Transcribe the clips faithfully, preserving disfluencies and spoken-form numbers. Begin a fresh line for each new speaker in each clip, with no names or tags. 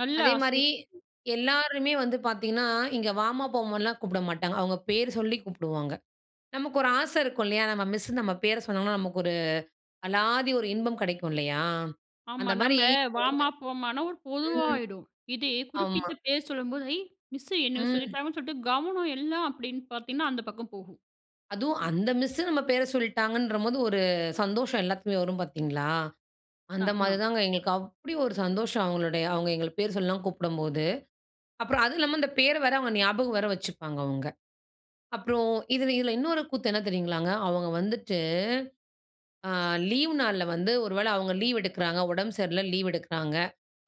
நல்ல
அதே மாரி,
ஆசை.
எல்லாருமே வந்து பாத்தீங்கன்னா, இங்கே வாமா, போமான்னுலாம் கூப்பிட மாட்டாங்க. அவங்க பேரு சொல்லி கூப்புடுவாங்க. நமக்கு ஒரு ஆசை இருக்கும் இல்லையா? நம்ம மிஸ் நம்ம பேர சொன்னோம்னா நமக்கு ஒரு அலாதி ஒரு இன்பம் கிடைக்கும், இல்லையா?
ஆமா,
அந்த மாரி
நம்ம வாம்மா, போமானா ஒரு
[unintelligible] ம்,
பொதுவாயிடும். இதே
ஆமா.
குறிப்பிட்ட பேர் சொல்லும்போது, ஐ! மிஸ்சு என்னைய
ம்.
சொல்லிட்டாங்கன்னு சொல்லிட்டு கவனம் எல்லாம் அப்படின்னு பார்த்தீங்கன்னா, அந்த பக்கம் போகும்.
அதுவும் அந்த மிஸ்ஸு நம்ம பேர சொல்லிட்டாங்கன்றம் போது ஒரு சந்தோஷம் எல்லாத்துக்குமே வரும் பார்த்தீங்களா? அந்த மாதிரி
ஆமா.
தாங்க எங்களுக்கு. அப்படி ஒரு சந்தோஷம்! அவங்களுடைய அவங்க எங்கள பேர் சொல்லலாம் கூப்பிடும்போது. அப்புறம், அதுவும் இல்லாம அந்த பேரை வேற அவங்க ஞாபகம் வேற வச்சுப்பாங்க அவங்க. அப்புறம் இதில இதில இன்னொரு கூத்து என்ன தெரியுங்களாங்க, அவங்க வந்துட்டு, ஆ லீவ் நாள்ல வந்து ஒருவேளை அவங்க லீவ் எடுக்கிறாங்க, உடம்பு சரியில்ல லீவ் எடுக்கிறாங்க.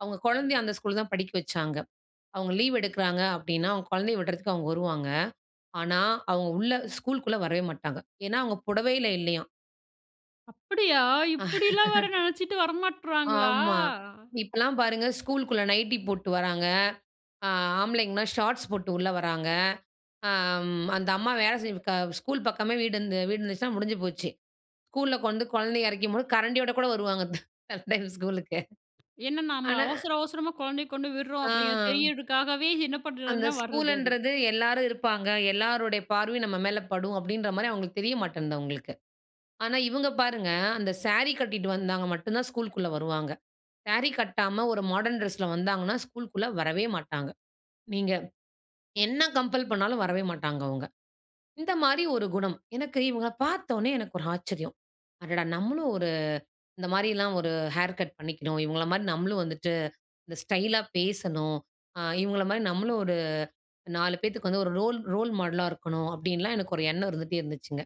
அவங்க குழந்தையை அந்த ஸ்கூல் தான் படிக்க வைச்சாங்க. அவங்க லீவ் எடுக்கிறாங்க அப்படின்னா, அவங்க குழந்தையை விடுறதுக்கு அவங்க வருவாங்க. ஆனா, அவங்க உள்ள ஸ்கூல்க்குள்ளே வரவே மாட்டாங்க. ஏன்னா, அவங்க புடவையில இல்லையாம்.
அப்படியா! இப்படியெல்லாம் வேற நினைச்சுட்டு வர மாட்டறாங்களா?
ஆமா, இப்போலாம் பாருங்க. ஸ்கூலுக்குள்ள நைட்டி போட்டு வர்றாங்க, ஆ, ஆம்பளைங்கலாம் ஷார்ட்ஸ் போட்டு உள்ள வர்றாங்க. ஆ ம் அந்த அம்மா வேலை செஞ்சுகா ஸ்கூல் பக்கமே வீடு இருந்தது வீடு இருந்துச்சுன்னா, முடிஞ்சு போச்சு. ஸ்கூலில கொண்டு குழந்தை இறக்கும்போது கரண்டியோட கூட வருவாங்க, சில டைம் ஸ்கூலுக்கு.
என்ன நம்ம
ஆனா
அவசர, அவசரமா குழந்தையை கொண்டு விடுறோம்,
ஆ.
அப்படிங்கிறது தெரியதுக்காகவே, என்ன
அந்த
பண்ணுறதுனா, வர்றது அது.
ஸ்கூலுன்றது எல்லோரும் இருப்பாங்க. எல்லோருடைய பார்வையும் நம்ம மேல படும், அப்படின்ற மாரி அவங்களுக்கு தெரிய மாட்டேன்து அவங்களுக்கு ஆனா, இவங்க பாருங்க. அந்த சாரி கட்டிட்டு வந்தாங்க மட்டும் தான் ஸ்கூல்குள்ள வருவாங்க. சாரி கட்டாம ஒரு மாடர்ன் டிரெஸ்ல வந்தாங்கனா ஸ்கூல்க்குள்ள வரவே மாட்டாங்க. நீங்க என்ன கம்பெல் பண்ணாலும் வரவே மாட்டாங்க அவங்க. இந்த மாரி ஒரு குணம். எனக்கு இவங்கள பார்த்தோனே, எனக்கு ஒரு ஆச்சரியம். அடடா! நம்மளும் ஒரு இந்த மாரி எல்லாம் ஒரு ஹேர் கட் பண்ணிக்கணும். இவங்கள மாதிரி நம்மளும் வந்துட்டு இந்த ஸ்டைலா பேசணும். ஆ, இவங்கள மாரி நம்மளும் ஒரு நாலு பேத்துக்கு வந்து ஒரு ரோல் ரோல் மாடலா இருக்கணும்! அப்படின்னுலாம் எனக்கு ஒரு எண்ணம் இருந்துட்டே இருந்துச்சுங்க.